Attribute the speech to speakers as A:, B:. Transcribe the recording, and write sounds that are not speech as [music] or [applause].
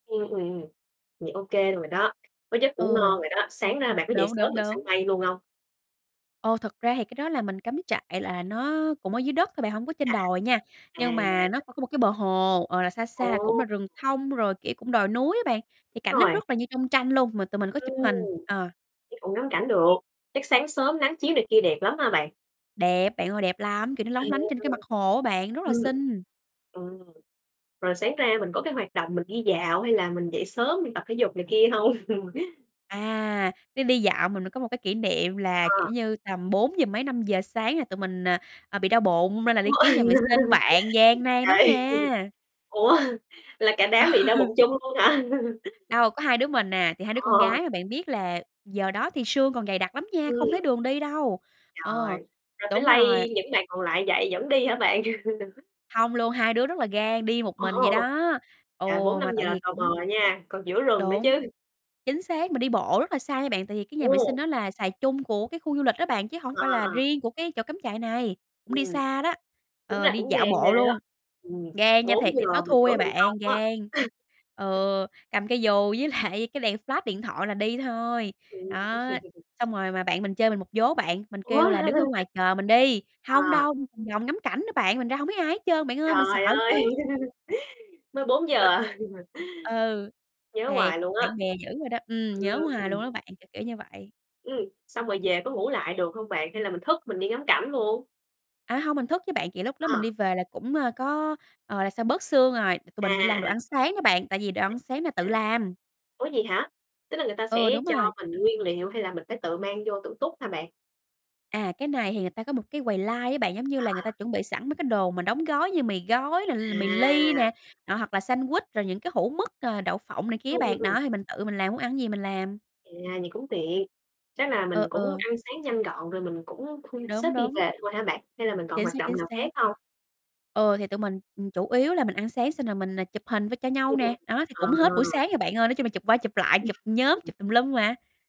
A: Ừm, ừm, thì ô kê rồi đó, có giấc ngủ
B: Ừ.
A: ngon rồi đó. Sáng ra bạn có dậy
B: Đúng,
A: sớm
B: đúng,
A: bạn săn
B: đúng.
A: mây luôn hông?
B: Ồ, thật ra thì cái đó là mình cắm trại là nó cũng ở dưới đất thôi bạn, hổng có trên đồi nha.
A: À, à.
B: Nhưng mà nó
A: À.
B: c có một cái bờ hồ, ờ, là xa xa cũng
A: Ồ.
B: là rừng thông, rồi, kiểu, cũng đồi núi á bạn, thì
A: Đúng
B: cảnh nó
A: rồi.
B: rất là như trong tranh luôn, mà tụi mình có
A: Ừm.
B: chụp hình, ờ.
A: Chắc cũng ngắm cảnh được. Chắc sáng sớm nắng chiếu này kia đẹp lắm hả bạn?
B: Đẹp bạn ơi, đẹp lắm! Kiểu, nó
A: À.
B: lóng lánh trên cái mặt hồ á bạn, rất là
A: Ừm.
B: xinh.
A: Ừm, rồi sáng ra mình có cái hoạt động mình đi dạo hay là mình dậy sớm mình tập thể dục này kia hông? [chuckles]
B: À, đi đi dạo mình mới có một cái kỷ niệm là, kiểu
A: Ờ.
B: như, tầm bốn giờ mấy, 5:00 sáng là tụi mình, à, à, bị đau bụng nên là đi kiếm nhà vệ sinh
A: [laughs]
B: bạn, gian nan lắm
A: Trời,
B: nha.
A: ủa? Là cả
B: Ừ
A: đám bị đau bụng chung luôn hả? [laughs]
B: Đâu, có 2 đứa mình à, thì 2 đứa con
A: Ờ.
B: gái, mà bạn biết là giờ đó thì sương còn dày đặc lắm nha, không thấy
A: Ừm.
B: đường đi đâu.
A: Rồi,
B: Ờ,
A: rồi phải
B: đúng rồi.
A: lay những bạn còn lại dậy dẫn đi hả bạn? [laughs]
B: Hông luôn, hai đứa rất là gan, đi một mình vậy
A: Ồ.
B: đó. Ừ,
A: Là bốn năm
B: mà tại
A: giờ
B: vì
A: tờ
B: cũng
A: mờ nha, còn giữa rừng nữa
B: Đúng,
A: chứ.
B: chính xác! Mình đi bộ rất là xa nha bạn, tại vì cái nhà vệ
A: Ừ.
B: sinh nó là xài chung của cái khu du lịch đó bạn, chứ hổng
A: Ờ,
B: phải là
A: ờ.
B: riêng của cái chỗ cắm trại này. Cũng đi
A: Ừm,
B: xa đó,
A: tính ra
B: ờ, đi
A: cũng
B: dạo
A: gan ghê
B: bộ
A: á.
B: luôn.
A: Ừm,
B: Gan nha,
A: bốn
B: thiệt,
A: giờ
B: đây tối
A: mà
B: thui
A: giữa
B: à
A: rừng
B: bạn,
A: thông á.
B: gan.
A: [laughs]
B: Ừ, cầm cây dù với lại cái đèn flash điện thoại là đi thôi.
A: Ừm.
B: Đó,
A: [chuckles]
B: xong rồi mà bạn mình chơi mình một vố bạn, mình
A: Ủa?
B: kêu là đứng ở ngoài
A: [laughs]
B: chờ mình đi. Hông
A: À.
B: đâu, đi vòng vòng ngắm cảnh nữa bạn, mình ra hổng thấy ai hết trơn bạn ơi, mình sợ
A: Trời ơi,
B: chứ.
A: mới 4:00
B: [laughs]
A: à. [laughs]
B: Ừ,
A: Nhớ
B: thiệt,
A: hoài luôn á.
B: bạn bè dữ rồi đó. Ừm, nhớ hoài
A: Ừm.
B: luôn á bạn, kiểu, kiểu như vậy.
A: Ừm, xong rồi về có ngủ lại được hông bạn? Hay là mình thức mình đi ngắm cảnh luôn?
B: A, hông mình thức chứ bạn, kiểu, lúc đó mình
A: À.
B: đi về là cũng, ơ, có, ờ, là sao, bớt sương rồi. T-tụi
A: À,
B: mình bị làm đồ
A: à.
B: ăn sáng đó bạn, tại vì đồ ăn sáng là tự
A: À.
B: làm.
A: Ủa vậy hả? Tức là người ta
B: Ừ,
A: sẽ
B: đúng
A: cho
B: rồi.
A: mình nguyên liệu hay là mình phải tự mang vô tự túc hả bạn?
B: À, cái này thì người ta có một cái quầy line á bạn, giống như
A: À,
B: là người
A: à.
B: ta chuẩn bị sẵn mấy cái đồ mà đóng gói như mì gói nè, l mì ly
A: À.
B: nè, đó, hoặc là sandwich, rồi những cái hũ mức, ờ, đậu phộng này kia á
A: Ừm, ừm,
B: bạn.
A: ừm.
B: Đó, thì mình tự mình làm, muốn ăn cái gì mình làm.
A: À, vậy cũng tiện, chắc là mình
B: Ừ,
A: cũng
B: ừ.
A: ăn sáng nhanh gọn rồi mình cũng thu xếp
B: Đúng,
A: đi
B: đúng.
A: về thôi hả bạn? Hay là mình còn
B: Chính
A: hoạt
B: xác,
A: động
B: chính
A: nào khác
B: xác.
A: hông?
B: Ừ, thì tụi mình, ừm, chủ yếu là mình ăn sáng xong rồi mình n chụp hình v cho nhau
A: Ừm,
B: nè,
A: ừm.
B: đó, thì cũng hết buổi
A: Ờ.
B: sáng rồi bạn ơi. Nói chung là chụp qua chụp lại, chụp nhóm,
A: [chuckles]
B: chụp tùm lum mà.